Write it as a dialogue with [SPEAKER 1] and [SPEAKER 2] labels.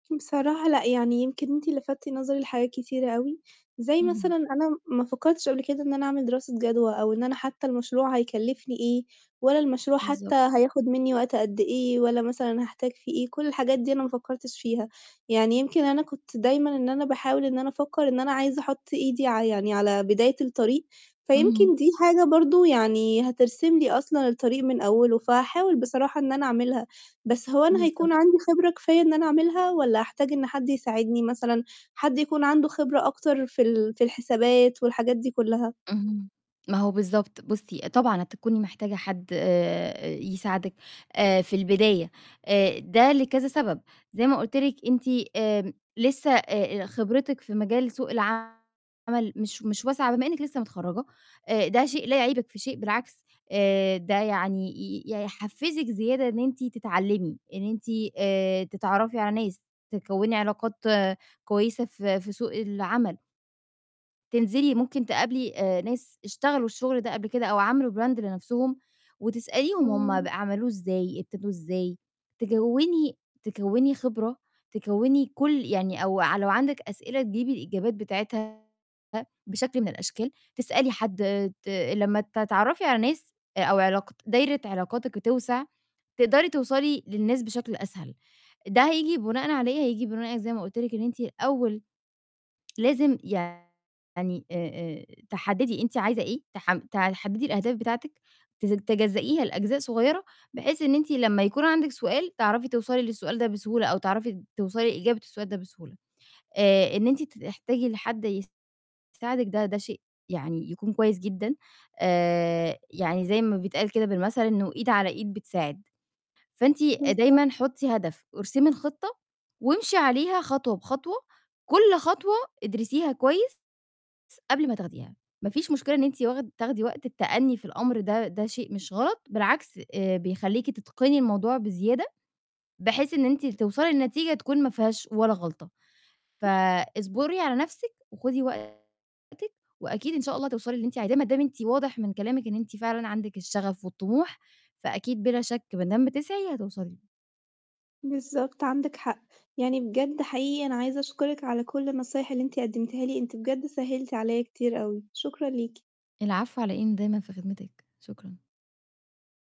[SPEAKER 1] بصراحة لأ، يعني يمكن أنتِ لفتِّ نظري لحاجات كتيرة أوي، زي
[SPEAKER 2] اهم.
[SPEAKER 1] مثلًا أنا ما فكّرتش قبل كده إن أنا أعمل دراسة جدوى أو إن أنا حتى المشروع هيكلّفني إيه، ولا المشروع حتى
[SPEAKER 2] بالضبط.
[SPEAKER 1] هياخُد منّي وقتها قد إيه، ولا مثلًا هاحتاج فيه إيه، كل الحاجات دي أنا ما فكّرتش فيها، يعني يمكن أنا كنت دايمًا إن أنا باحاول إن أنا أفكّر إن أنا عايزة أحُط إيدي ع يعني على بداية الطريق،
[SPEAKER 2] اهم
[SPEAKER 1] فيمكن دي حاجة برضه يعني هترسم لي أصلًا الطريق من أوّله؛ فهاحاول بصراحة إن أنا أعملها، بس هو أنا
[SPEAKER 2] بالضبط.
[SPEAKER 1] هيكون عندي خِبرة كفاية إن أنا أعملها، والّا هاحتاج إن حد يساعدني مثلًا حد يكون عنده خِبرة أكتر في ال في الحسابات والحاجات دي كلّها؟
[SPEAKER 2] اهم، ما هو بالضبط بُصّي آآ طبعًا هتكوني محتاجة حد آآ يساعدِك آآ في البداية آآ ده لكذا سَبب زي ما قُلت لِك أنتِ آمم لسه آآ آآ خبرتِك في مجال سوق العمل مش مش واسعة بما إنِّك لسه متخرّجة، آآ ده شيء لا يعيبِك في شيء، بالعكس آآ ده يعني ي يحفّزِك زيادة إن أنتِ تتعلّمي، إن أنتِ آآ تتعرّفي على ناس، تكوّني علاقات كويسة في في سوق العمل تنزلي ممكن تقابلي آآ ناس اشتغلوا الشُغل ده قبل كده أو عَملوا براند لنَفْسهم وتسأليهم هُم ب
[SPEAKER 1] إمم.
[SPEAKER 2] عَملوه إزاي، ابتدوه إزاي تجوّني تكوّني خِبرة تكوّني كل يعني أو ع لو عندِك أسئلة تجيبي الإجابات بتاعتها بشكل من الأشكال، تسألي حد ت لمّا تتعرّفي على ناس آآ أو علاقات دايرة علاقاتِك بتوسَع، تقدري توصلي للناس بشكل أسهل، ده هييجي بُناءً على إيه، هييجي بُناءً زي ما قُلت لِك إن أنتِ الأول لازم يعني آآ آآ تحددي أنتِ عايزة إيه تحم تحددي الأهداف بتاعتِك تزج تجزّئيها لأجزاء صغيّرة، بحيث إن أنتِ لمّا يكون عندِك سؤال تعرفي توصلي للسؤال ده بسهولة، أو تعرفي د توصلي لإجابة السؤال ده بسهولة، آآ إن أنتِ ت تحتاجي لحد يساعدِك ده ده شيء يعني يكون كويس جدًا، آآ يعني زي ما بيتقال كده بالمَثل إنه إيد على إيد بتساعد. فأنتِ آآ
[SPEAKER 1] بالضبط.
[SPEAKER 2] دايمًا حُطّي هدف وارسمي الخِطّة وامشي عليها خطوة بخطوة، كل خطوة ادرسيها كويس س قبل ما تاخديها، ما فيش مشكلة إن أنتِ واخد تاخدي وقت التأنّي في الأمر ده ده شيء مش غلط، بالعكس آآ بيخلّيكِ تِتِقني الموضوع بزيادة بحيث إن أنتِ ل توصلي لنتيجة تكون ما فيهاش ولا غلطة. فاصبُري على نَفْسِك وخُدي وقتِك وأكيد إن شاء الله هتوصلي للي أنتِ عايزاه، ما دام أنتِ واضح من كلامِك إن أنتِ فعلًا عندِك الشغف والطموح، فأكيد بلا شَك با دام بتسعي هتوصلي.
[SPEAKER 1] بالضبط، عندِك حق. يعني بجد حقيقي أنا عايزة أشكرِك على كل النصايح اللي أنتِ قدّمتيها لي، أنتِ بجد سهّلتِ عليّا كتير أوي. شكرًا ليكِ.
[SPEAKER 2] العفو على إيه، أنا دايمًا في خدمتِك، شُكرًا.